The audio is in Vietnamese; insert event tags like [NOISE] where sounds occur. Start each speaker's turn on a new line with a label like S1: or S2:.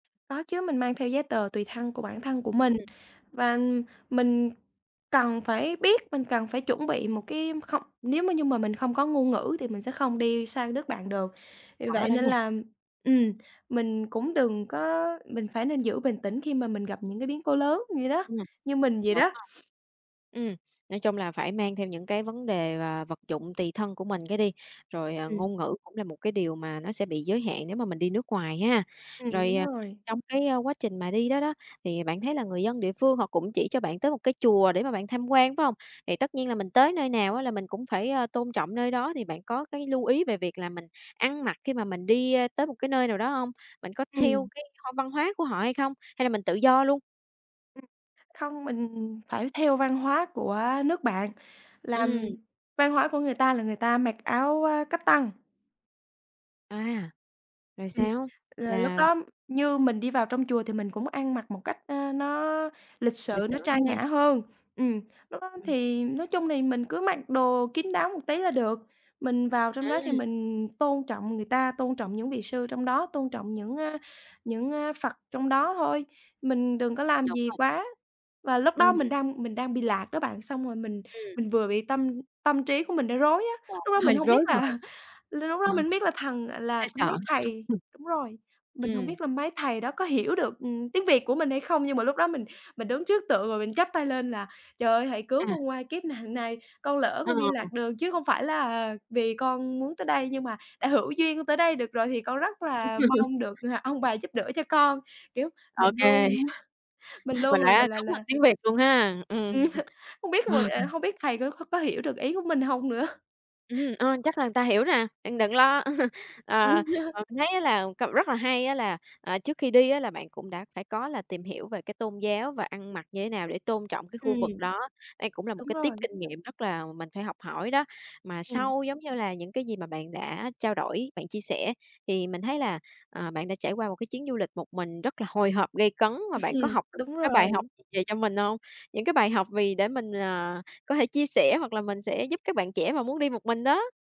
S1: Có chứ, mình mang theo giấy tờ tùy thân của bản thân của mình
S2: Ừm.
S1: và, ừm, mình cần phải biết mình cần phải chuẩn bị một cái không, nếu mà như mà mình không có ngôn ngữ thì mình sẽ không đi sang đất bạn được. Vì
S2: Khó
S1: vậy
S2: đó
S1: nên
S2: nha.
S1: là, ừm, mình cũng đừng có mình phải nên giữ bình tĩnh khi mà mình gặp những cái biến cố lớn vậy đó,
S2: Ừm.
S1: như mình vậy
S2: Đúng
S1: đó.
S2: rồi. Ừm, nói chung là phải mang theo những cái vấn đề và vật dụng tùy thân của mình cái đi, rồi, ờ,
S1: Ừm.
S2: ngôn ngữ cũng là một cái điều mà nó sẽ bị giới hạn nếu mà mình đi nước ngoài ha.
S1: Ừm,
S2: Rồi,
S1: đúng
S2: à,
S1: rồi.
S2: trong cái, a, quá trình mà đi đó đó, thì bạn thấy là người dân địa phương họ cũng chỉ cho bạn tới một cái chùa để mà bạn tham quan, phải hông? Thì tất nhiên là mình tới nơi nào á là mình cũng phải, ờ, tôn trọng nơi đó thì bạn có cái lưu ý về việc là mình ăn mặc khi mà mình đi, ơ, tới một cái nơi nào đó hông? Bạn có theo
S1: Ừm.
S2: cái, hơ, văn hóa của họ hay không, hay là mình tự do luôn?
S1: Ừm. Không, mình phải theo văn hóa của, ơ, nước bạn, là, ừm,
S2: Ừm.
S1: văn hóa của người ta là người ta mặc áo, a, cách tân.
S2: À, rồi
S1: Ừm,
S2: sao?
S1: là lúc
S2: Là
S1: đó như mình đi vào trong chùa thì mình cũng ăn mặc một cách, a, nó lịch
S2: Lịch
S1: sự,
S2: sự
S1: nó trang
S2: ha.
S1: nhã hơn. Ừm, lúc đó
S2: Ừm.
S1: thì nói chung thì mình cứ mặc đồ kín đáo một tí là được. Mình vào trong đó thì
S2: À.
S1: mình tôn trọng người ta, tôn trọng những vị sư trong đó, tôn trọng những a những, a, Phật trong đó thôi, mình đừng có làm
S2: Đúng
S1: gì
S2: rồi.
S1: quá. Và lúc đó mình
S2: Ừm.
S1: đang mình đang bị lạc đó bạn xong rồi mình
S2: Ừm.
S1: mình vừa bị tâm tâm trí của mình đang rối á.
S2: Ờ,
S1: Lúc đó mình
S2: hơi
S1: hông biết
S2: rối
S1: là
S2: bời.
S1: [CHUCKLES] l lúc
S2: Ờ.
S1: đó mình không biết là thần là
S2: Hơi sợ.
S1: mấy
S2: [LAUGHS]
S1: thầy đúng rồi, mình hông
S2: Ừm.
S1: biết là mấy thầy đó có hiểu được, ừm, tiếng Việt của mình hay không. Nhưng mà lúc đó mình mình đứng trước tượng rồi mình chắp tay lên là "Trời ơi, hãy cứu
S2: À.
S1: con qua kiếp nạn này, con lỡ
S2: Ờ.
S1: con đi lạc đường chứ không phải là vì con muốn tới đây, nhưng mà đã hữu duyên con tới đây được rồi thì con rất
S2: Ừm.
S1: là
S2: [LAUGHS]
S1: mong được, ờ, ông bà giúp đỡ cho con." Kiểu,
S2: Ô
S1: mình
S2: kê.
S1: luôn [CHUCKLES] mình
S2: [LAUGHS] Mình
S1: luôn là
S2: đã
S1: là
S2: cúng bằng
S1: là
S2: tiếng Việt luôn ha,
S1: Ừm,
S2: ừm.
S1: [CHUCKLES] không biết mà, ờ
S2: [LAUGHS]
S1: hông biết thầy có có hiểu được ý của mình hông nữa? [CHUCKLES]
S2: Ừm, ờ, chắc là người ta hiểu nè, bạn đừng lo. [CHUCKLES] Ờ,
S1: Ừm. [CHUCKLES]
S2: ờ, mình thấy là cậu rất là hay á là, à, trước khi đi, á, là bạn cũng đã phải có là tìm hiểu về cái tôn giáo và ăn mặc như thế nào để tôn trọng cái khu vực
S1: Ừm.
S2: đó. Đây cũng là một
S1: Đúng
S2: cái tip
S1: rồi.
S2: kinh nghiệm rất là mình phải học hỏi đó. Mà
S1: Ừm.
S2: sau giống như là những cái gì mà bạn đã trao đổi, bạn chia sẻ, thì mình thấy là, ờ, bạn đã trải qua một cái chuyến du lịch một mình rất là hồi hộp, gay cấn và bạn
S1: [CHUCKLES]
S2: có
S1: Ừm,
S2: học được
S1: đúng
S2: cái bài học
S1: rồi.
S2: gì về cho mình hông? Những cái bài học vì để mình, à, có thể chia sẻ hoặc là mình sẽ giúp các bạn trẻ mà muốn đi một mình đó?